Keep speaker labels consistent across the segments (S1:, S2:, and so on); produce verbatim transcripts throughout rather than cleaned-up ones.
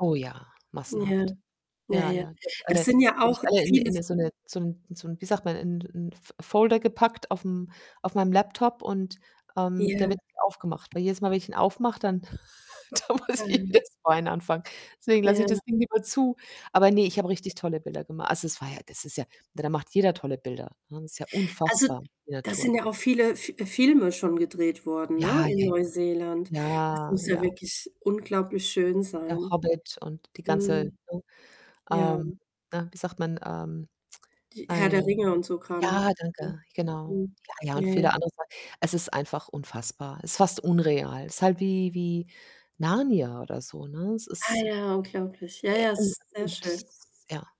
S1: Oh ja,
S2: Ja,
S1: massenhaft.
S2: ja,
S1: Ja,
S2: ja.
S1: ja, die habe ich
S2: Das
S1: alle die
S2: sind ja
S1: habe ich
S2: auch
S1: alle in 'ne
S2: viele
S1: in
S2: f
S1: 'ne so 'ne so 'n so 'n wie sagt man, in 'n F Folder gepackt aufm auf meinem Laptop und, ähm,
S2: Ja.
S1: der wird [unintelligible] aufgemacht. Weil jedes Mal, wenn ich den aufmache, dann da muss ich
S2: Mhm.
S1: [unintelligible] [unintelligible] anfangen. Deswegen lasse ich das
S2: Ja.
S1: Ding lieber zu. Aber ne, ich habe
S2: Okay.
S1: richtig tolle Bilder gema also, es war ja das ist ja, ne, da macht jeder tolle Bilder, ne? Ist ja
S2: Also,
S1: unfassbar die
S2: da
S1: Natur.
S2: sind ja auch viele F Filme schon gedreht worden, ne,
S1: Ja,
S2: in
S1: ja,
S2: Neuseeland. Das
S1: ja,
S2: muss ja
S1: ja.
S2: wirklich unglaublich schön
S1: Der
S2: sein.
S1: Hobbit und die ganze,
S2: Mhm,
S1: ne,
S2: ja.
S1: ähm, ne, wie sagt man? Ähm,
S2: Die Herr der
S1: ei,
S2: Ringe und so Kram, ne,
S1: ja,
S2: ja
S1: danke, genau.
S2: mhm,
S1: Ja, ja, und
S2: ja,
S1: viele
S2: ja.
S1: andere Sachen. Es ist einfach unfassbar. Ist fast unreal. Ist halt wie wie Narnia oder so, ne? Es
S2: Ah
S1: ist
S2: ja, unglaublich. Ja,
S1: Äh,
S2: ja, es ist sehr schön.
S1: [unintelligible] ja.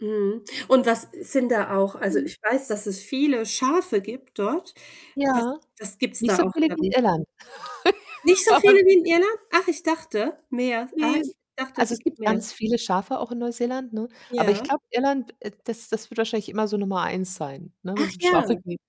S2: Mhm und was sind da auch, also,
S1: Mhm.
S2: ich weiß, dass es viele Schafe gibt dort. Was
S1: Ja,
S2: das gibt's
S1: nicht
S2: da
S1: so
S2: auch
S1: viele wie
S2: dann?
S1: in Irland,
S2: Nicht so
S1: aber
S2: viele
S1: es
S2: wie
S1: gibt
S2: in
S1: [unintelligible]
S2: Irland? Ach, ich dachte, mehr. Ah,
S1: Ne
S2: ich
S1: es
S2: dachte
S1: also, es
S2: gibt
S1: gibt
S2: mehr.
S1: ganz viele Schafe auch in Neuseeland, ne? Aber ich
S2: Ja?
S1: glaube, Irland, äh, das das wird wahrscheinlich immer so Nummer eins sein, ne,
S2: Ach
S1: wenn's um
S2: ja.
S1: Schafe geht.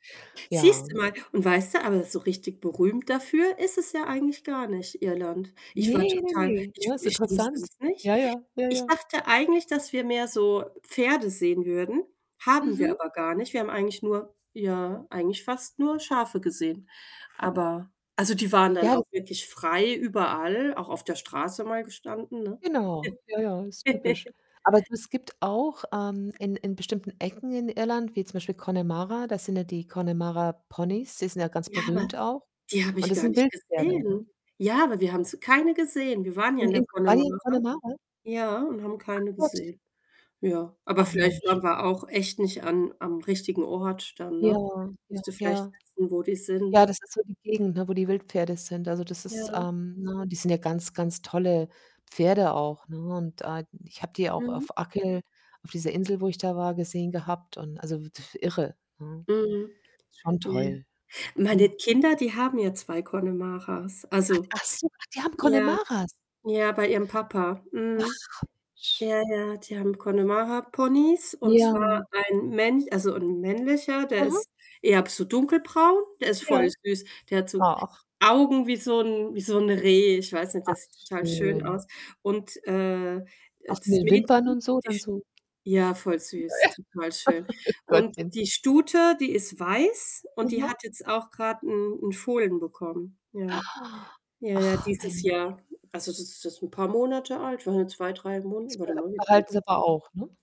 S1: Ja.
S2: Siehst du mal, und weißt du, aber so richtig berühmt dafür ist es ja eigentlich gar nicht Irland. Ich
S1: Ne,
S2: war
S1: ne,
S2: total,
S1: ne,
S2: ich
S1: ne,
S2: w
S1: ist
S2: ich wusste
S1: interessant.
S2: es nicht.
S1: Ja, ja, ja,
S2: Ich
S1: ja.
S2: dachte eigentlich, dass wir mehr so Pferde sehen würden, haben wir
S1: Mhm.
S2: aber gar nicht. Wir haben eigentlich nur ja, eigentlich fast nur Schafe gesehen. Aber also, die waren dann
S1: Ja, das
S2: auch wirklich frei überall, auch auf der Straße mal gestanden, ne?
S1: Genau, ja, ja, ist typisch. Aber du es gibt auch, ähm, in in bestimmten Ecken in Irland, wie zum Beispiel Connemara, da sind ja die Connemara-Ponys, die sind ja ganz
S2: Ja, aber
S1: berühmt auch
S2: die habe
S1: und
S2: ich
S1: das
S2: gar
S1: sind
S2: nicht
S1: Wildpferde,
S2: gesehen.
S1: ne?
S2: Ja, aber wir haben sie keine gesehen. Wir waren ja
S1: In
S2: in der
S1: in wart ihr in
S2: Connemara,
S1: Connemara?
S2: ja, und haben
S1: Ach
S2: keine
S1: Gott.
S2: gesehen. Ja, aber
S1: Ach
S2: vielleicht
S1: Mensch.
S2: waren wir auch echt nicht an am richtigen Ort dann,
S1: Ja,
S2: ne?
S1: ja,
S2: Musst du vielleicht
S1: ja.
S2: wissen, wo die
S1: Ja,
S2: sind.
S1: das ist so die Gegend, ne, wo die Wildpferde sind. Also, das ist
S2: Ja.
S1: ähm, ne, die sind ja ganz, ganz tolle Pferde auch, ne? Und, ah, ich habe die auch
S2: Mhm.
S1: auf Achill, auf dieser Insel, wo ich da war, gesehen gehabt und, also, w df irre, ne?
S2: Mhm.
S1: Schon
S2: Ja.
S1: toll.
S2: Meine
S1: Wahnsinn.
S2: Kinder, die haben ja zwei Connemaras.
S1: Hat
S2: Also
S1: ach so, ach, die haben
S2: ja,
S1: Connemaras.
S2: ja, bei ihrem Papa.
S1: Ach,
S2: Mhm.
S1: sch
S2: Ja, ja, die haben Connemara-Ponys und
S1: Ja.
S2: zwar ein mänch also, ein männlicher, der
S1: Mhm.
S2: ist eher so dunkelbraun, der ist
S1: Ja,
S2: voll süß. Der hat so
S1: ach.
S2: Augen wie so 'n wie so 'n Reh. Ich weiß nicht,
S1: Ach
S2: das sieht total schön
S1: schön.
S2: aus und, äh, äh,
S1: Auch
S2: das
S1: mit Wimpern
S2: Mädchen,
S1: und so
S2: die
S1: dann
S2: sch
S1: so
S2: ja, voll
S1: Ja,
S2: süß, total schön
S1: ja. Ach
S2: und
S1: Gottchen.
S2: die Stute, die ist weiß und die
S1: Aha.
S2: hat jetzt auch grad 'n 'n Fohlen bekommen. Ja, ja, ja,
S1: Ach
S2: dieses
S1: Mensch.
S2: Jahr. Also, das ist jetzt 'n paar Monate alt, waren ja zwei, drei
S1: S
S2: Monate.
S1: be
S2: Warte mal, wie
S1: behalten sie
S2: alt
S1: aber auch, ne?